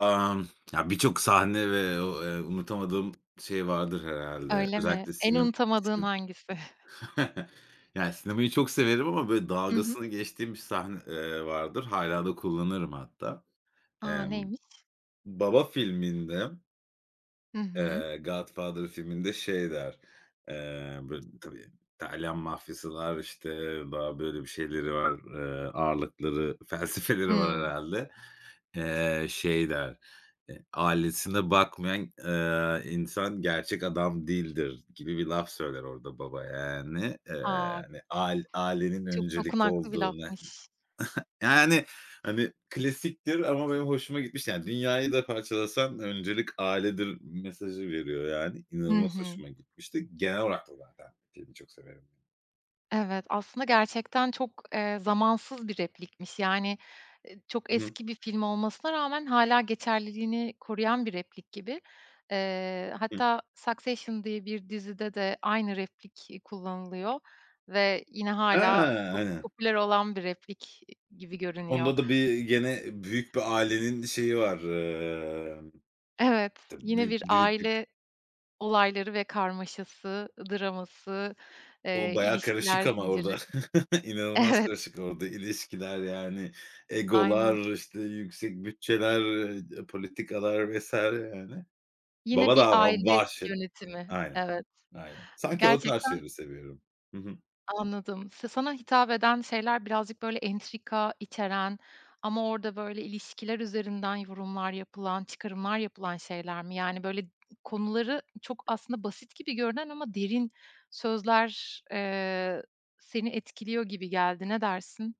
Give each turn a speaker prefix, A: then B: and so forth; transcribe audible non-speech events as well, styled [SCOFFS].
A: Emm. Ya, birçok sahne ve u eee, unutamadığım şey vardır herhâlde.
B: Öyle mi?
A: Özellikle
B: En
A: sinem
B: unutamadığın
A: sinem
B: hangisi? [CHUCKLES]
A: [CHUCKLES] yani, sinemayı çok severim ama, böyle,
B: Hı hı.
A: dalgasını geçtiğim bir sahne eee, vardır. Hâlâ da kullanırım hatta.
B: A!
A: Emm,
B: Neymiş?
A: "Baba" filminde,
B: Hı hı.
A: eee, "Godfather" filminde şey der, eee, böyle, tabii İtalyan mafyası var, işte, daha, böyle, bir şeyleri var. Eee, ağırlıkları, felsefeleri var
B: Hımm.
A: herhâlde. Eee, şey der, eee, "Ailesine bakmayan, eee, insan gerçek adam değildir." gibi bir laf söyler orada baba, yani. Eee,
B: A!
A: yani, ail ailenin
B: Çok
A: öncelikli
B: dokunaklı bir
A: olduğunu, [SCOFFS]
B: lafmış.
A: yani, hani, klasiktir ama benim hoşuma gitmişti. Yani, "Dünyayı da parçalasan öncelik ailedir." mesajı veriyor, yani.
B: Hı
A: İnanılmaz
B: hı.
A: hoşuma gitmişti. Genel olarak da zaten şeyini çok severim, yani.
B: Evet, aslında gerçekten çok, eee, zamansız bir replikmiş. Yani, çok
A: Hı hı.
B: eski bir film olmasına rağmen hâlâ geçerliliğini koruyan bir replik gibi. Eee,
A: Hıh.
B: hatta "Succession" diye bir dizide de aynı replik kullanılıyor ve yine
A: Ha,
B: hâlâ çok
A: aynen.
B: popüler olan bir replik gibi görünüyor.
A: Onda da bir gene büyük bir ailenin şeyi var, ımm,
B: Evet,
A: ta
B: yine
A: bü
B: bir
A: büyük
B: aile
A: [UNINTELLIGIBLE]
B: olayları ve karmaşası, draması,
A: O
B: eee
A: bayağı karışık
B: ilişkiler
A: ama orada
B: zinciri
A: [CHUCKLES] inanılmaz
B: Evet.
A: karışık orada ilişkiler, yani,
B: Aynen.
A: egolar, işte, yüksek bütçeler, ııı, d politikalar vs. yani.
B: Yine
A: Baba
B: bir
A: da
B: aile
A: [UNINTELLIGIBLE]
B: yönetimi,
A: Aynen.
B: evet,
A: Aynen. Sanki o tarz
B: gerçekten
A: şeyleri seviyorum. Hı hı.
B: Anladım. Sa sana hitap eden şeyler birazcık, böyle, entrika içeren ama orada, böyle, ilişkiler üzerinden yorumlar yapılan, çıkarımlar yapılan şeyler mi? Yani, böyle, konuları çok aslında basit gibi görünen ama derin sözler, eee, seni etkiliyor gibi geldi. Ne dersin?